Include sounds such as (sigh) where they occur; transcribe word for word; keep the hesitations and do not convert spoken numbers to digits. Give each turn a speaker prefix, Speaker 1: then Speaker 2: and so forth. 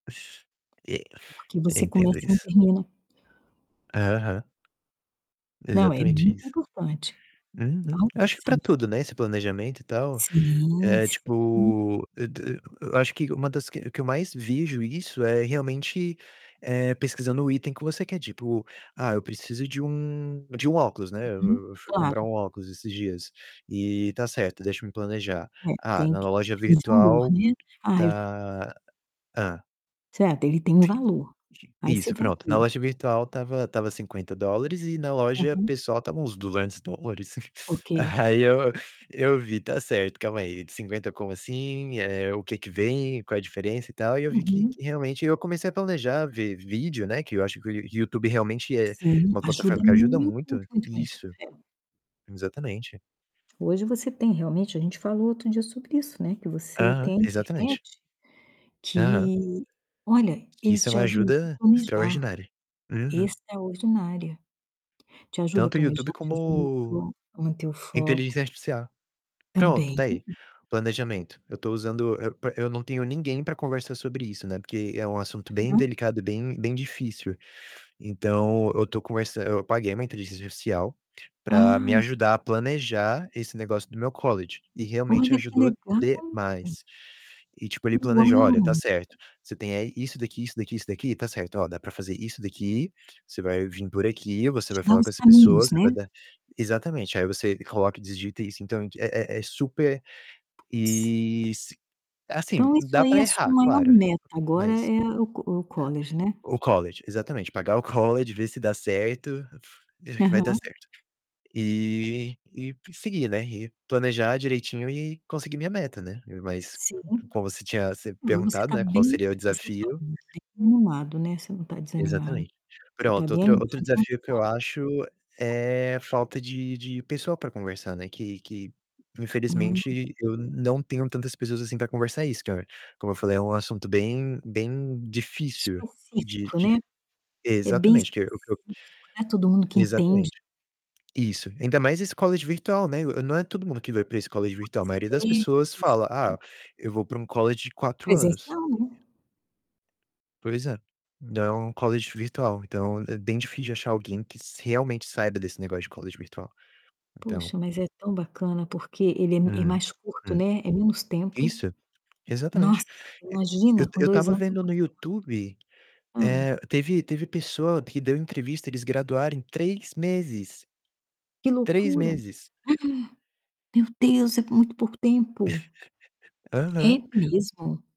Speaker 1: E
Speaker 2: Porque
Speaker 1: eu
Speaker 2: você
Speaker 1: entendo
Speaker 2: começa e não
Speaker 1: isso.
Speaker 2: termina.
Speaker 1: Aham.
Speaker 2: Não, é
Speaker 1: Exatamente
Speaker 2: muito
Speaker 1: isso.
Speaker 2: importante.
Speaker 1: Uhum. Acho que para
Speaker 2: (unintelligible)
Speaker 1: tudo, né, esse planejamento e tal.
Speaker 2: Sim,
Speaker 1: É,
Speaker 2: s hum.
Speaker 1: tipo, eu t eu acho que uma das que o que eu mais vejo isso é realmente, eh, pesquisando o item que você quer, tipo: "Ah, eu preciso de um de um óculos", né.
Speaker 2: Uhum,
Speaker 1: Eu eu fui
Speaker 2: claro.
Speaker 1: comprar um óculos esses dias. Eh, "tá certo, deixa-me planejar.
Speaker 2: É,
Speaker 1: Ah
Speaker 2: tem
Speaker 1: na
Speaker 2: que
Speaker 1: loja
Speaker 2: tem valor,
Speaker 1: virtual
Speaker 2: né. Ah eu
Speaker 1: tá", hã.
Speaker 2: Certo, ele tem um valor. Aí você
Speaker 1: Isso,
Speaker 2: vai
Speaker 1: pronto, na
Speaker 2: ver.
Speaker 1: loja virtual estava estava cinquenta dólares e na loja
Speaker 2: Aham.
Speaker 1: pessoal estavam uns duzentos dólares.
Speaker 2: Ok.
Speaker 1: (chuckles) Aí eu eu vi: "Tá certo, calma aí, de cinquenta como assim? Eh, o que que vem? Qual é a diferença e tal?". E eu vi que
Speaker 2: Uhum.
Speaker 1: que realmente eu comecei a planejar, ver vídeo, né, que eu acho que o Yo o YouTube realmente é
Speaker 2: Sim.
Speaker 1: uma plataforma
Speaker 2: Ajuda
Speaker 1: que ajuda
Speaker 2: muito,
Speaker 1: muito.
Speaker 2: muito, muito, muito.
Speaker 1: Isso.
Speaker 2: É.
Speaker 1: Exatamente.
Speaker 2: Hoje você tem, realmente, a gente falou outro dia sobre isso, né, que você
Speaker 1: Aham,
Speaker 2: tem a
Speaker 1: exatamente.
Speaker 2: internet,
Speaker 1: Aham.
Speaker 2: que olha, eles
Speaker 1: Isso é
Speaker 2: te
Speaker 1: uma
Speaker 2: ajudam até
Speaker 1: ajuda
Speaker 2: planejar.
Speaker 1: extraordinária. Uhum.
Speaker 2: Extraordinário. Te ajuda a
Speaker 1: Tanto
Speaker 2: planejar,
Speaker 1: YouTube
Speaker 2: te ajuda a manter
Speaker 1: como
Speaker 2: o manter o
Speaker 1: inteligência
Speaker 2: foco
Speaker 1: artificial. Pronto,
Speaker 2: também.
Speaker 1: está aí, planejamento, eu estou usando eu eu não tenho ninguém pra conversar sobre isso, né, porque é um assunto, bem
Speaker 2: Uhum.
Speaker 1: delicado e bem bem difícil. Então, eu estou conversa eu paguei uma inteligência artificial pra me
Speaker 2: Ah.
Speaker 1: ajudar a planejar esse negócio do meu college. E realmente
Speaker 2: Olha que
Speaker 1: ajudou
Speaker 2: legal!
Speaker 1: demais. E tipo, ele planeja: "Olha, está
Speaker 2: Uau!
Speaker 1: certo, você tem eh, aí isso daqui, isso daqui, isso daqui, está certo, Ó, dá para fazer isso daqui, você vai vim por aqui, você
Speaker 2: Te
Speaker 1: vai
Speaker 2: dá
Speaker 1: falar com
Speaker 2: os
Speaker 1: essa pessoa,
Speaker 2: caminhos, né?
Speaker 1: vai dar". Exatamente, "aí você coloca e digita isso", então é é é super
Speaker 2: Si
Speaker 1: eh, si assim,
Speaker 2: Então isso
Speaker 1: dá
Speaker 2: aí
Speaker 1: para
Speaker 2: é a sua
Speaker 1: errar,
Speaker 2: maior
Speaker 1: claro,
Speaker 2: meta agora
Speaker 1: mas
Speaker 2: é o o college, né?
Speaker 1: o college, exatamente. Pagar o college, ver se dá certo. Deixa que vai dar
Speaker 2: Aham.
Speaker 1: certo. Eh, e seguir, né, e planejar direitinho e conseguir minha meta, né. Mas, c
Speaker 2: Sim.
Speaker 1: como você tinha se
Speaker 2: Hum, você
Speaker 1: perguntado,
Speaker 2: está
Speaker 1: né, qual
Speaker 2: bem
Speaker 1: seria o
Speaker 2: você está,
Speaker 1: desafio.
Speaker 2: né, você está bem animado, né. Você não está desanimado.
Speaker 1: Exatamente.
Speaker 2: Você está
Speaker 1: Pronto,
Speaker 2: bem
Speaker 1: outro outro
Speaker 2: animado, de
Speaker 1: desafio que eu
Speaker 2: fato.
Speaker 1: acho
Speaker 2: (unintelligible)
Speaker 1: é falta de de pessoa para conversar, né, que que
Speaker 2: Hum,
Speaker 1: infelizmente eu
Speaker 2: ok.
Speaker 1: não tenho tantas pessoas assim para conversar isso. Que é como eu falei é um assunto bem, bem difícil de
Speaker 2: Específico, né.
Speaker 1: de
Speaker 2: É bem
Speaker 1: exatamente. Que eu o que eu
Speaker 2: específico, não é todo mundo que entende.
Speaker 1: Exatamente. Isso, ainda mais esse college virtual, né. Não é todo mundo que vai para esse college virtual, a
Speaker 2: Pois
Speaker 1: maioria
Speaker 2: é.
Speaker 1: das
Speaker 2: Isso
Speaker 1: pessoas fala: "Ah,
Speaker 2: mesmo.
Speaker 1: eu vou para um college de quatro anos".
Speaker 2: Presencial, né.
Speaker 1: Pois é. Não o college virtual. Então, é bem difícil de achar alguém que se realmente saiba desse negócio de college virtual, então.
Speaker 2: Poxa, mas é tão bacana, porque ele é m é
Speaker 1: Hum,
Speaker 2: mais curto,
Speaker 1: hum.
Speaker 2: né, é menos tempo.
Speaker 1: Isso. Exatamente.
Speaker 2: Nossa,
Speaker 1: E
Speaker 2: imagina,
Speaker 1: eu
Speaker 2: com
Speaker 1: eu
Speaker 2: dois
Speaker 1: estava
Speaker 2: anos você
Speaker 1: vendo
Speaker 2: está
Speaker 1: no YouTube,
Speaker 2: formado. Hum.
Speaker 1: eh, teve teve pessoa que deu entrevista, eles graduaram em três meses.
Speaker 2: Que
Speaker 1: três
Speaker 2: loucura. (gasps)
Speaker 1: meses.
Speaker 2: Meu Deus, é com muito pouco tempo.
Speaker 1: (chuckles)
Speaker 2: É
Speaker 1: Aham.
Speaker 2: mesmo?